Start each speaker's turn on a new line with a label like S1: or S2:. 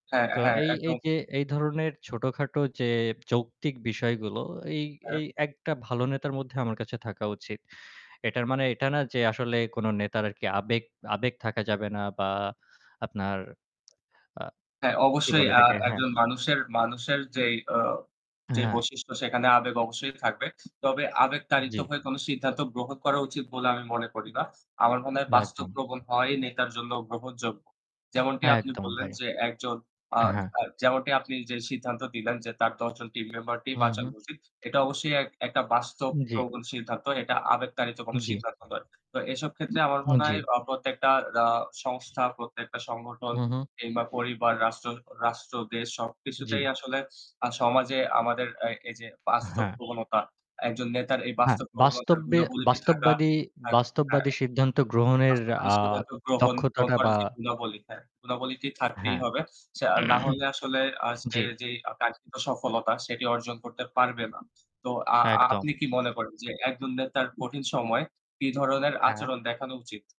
S1: হ্যাঁ,
S2: তো
S1: হ্যাঁ
S2: এই, এই
S1: একদম
S2: যে এই ধরনের ছোটখাটো যে যৌক্তিক বিষয়গুলো এই
S1: হ্যাঁ।
S2: এই একটা ভালো নেতার মধ্যে আমার কাছে থাকা উচিত। এটার মানে এটা না যে আসলে কোন নেতার আরকি আবেগ আবেগ থাকা যাবে না বা আপনার আ
S1: হ্যাঁ,
S2: কি
S1: অবশ্যই
S2: বলে
S1: আ
S2: এটাকে? হ্যাঁ।
S1: একজন মানুষের মানুষের যেই আ যে
S2: হ্যাঁ।
S1: বৈশিষ্ট্য সেখানে আবেগ অবশ্যই থাকবে। তবে আবেগ তাড়িত
S2: জ্বি।
S1: হয়ে কোন সিদ্ধান্ত গ্রহণ করা উচিত বলে আমি মনে করি না। আমার মনে হয় বাস্তব
S2: একদম।
S1: প্রবণ হওয়াই নেতার জন্য গ্রহণযোগ্য। যেমনটি আপনি
S2: একদম
S1: বললেন
S2: ভাই,
S1: যে একজন আ
S2: এ হ্যাঁ।
S1: আ যেমনটি আপনি যে সিদ্ধান্ত দিলেন যে তার ১০ জন টিম মেম্বারটি
S2: হু, হু।
S1: বাঁচানো উচিত। এটা অবশ্যই এক একটা বাস্তব
S2: উম জ্বি।
S1: প্রবণ সিদ্ধান্ত। এটা আবেগতাড়িত
S2: উম
S1: কোন
S2: জ্বি।
S1: সিদ্ধান্ত নয়। তো এসব ক্ষেত্রে আমার
S2: হু,
S1: মনে
S2: জ্বি।
S1: হয় অহ প্রত্যেকটা আহ সংস্থা প্রত্যেকটা সংগঠন
S2: হু, হু।
S1: কিংবা পরিবার, রাষ্ট্র রাষ্ট্র দেশ
S2: জ্বি।
S1: সবকিছুতেই আসলে সমাজে আমাদের আ এই যে বাস্তব
S2: হ্যাঁ।
S1: প্রবণতা একজন নেতার এই
S2: হ্যাঁ,
S1: বাস্তব প্রবণতার
S2: বাস্তব্যে
S1: গুণাবলীতি থাকা
S2: বাস্তববাদী
S1: থাক থা
S2: বাস্তববাদী সিদ্ধান্ত গ্রহণের
S1: বাস্তববাদী
S2: আ
S1: সিদ্ধান্ত গ্রহণ গ্রহণ
S2: দক্ষতাটা
S1: করে
S2: বা
S1: যে গুণাবলী, হ্যাঁ, গুণাবলীটি থাকতেই
S2: হ্যাঁ।
S1: হবে। সে না হলে আসলে আ সে
S2: জ্বি।
S1: যে কাঙ্ক্ষিত সফলতা. সেটি অর্জন করতে পারবে না। তো আ
S2: একদম।
S1: আপনি কি মনে করেন যে একজন নেতার কঠিন সময় কি ধরনের
S2: হ্যাঁ।
S1: আচরণ দেখানো উচিত?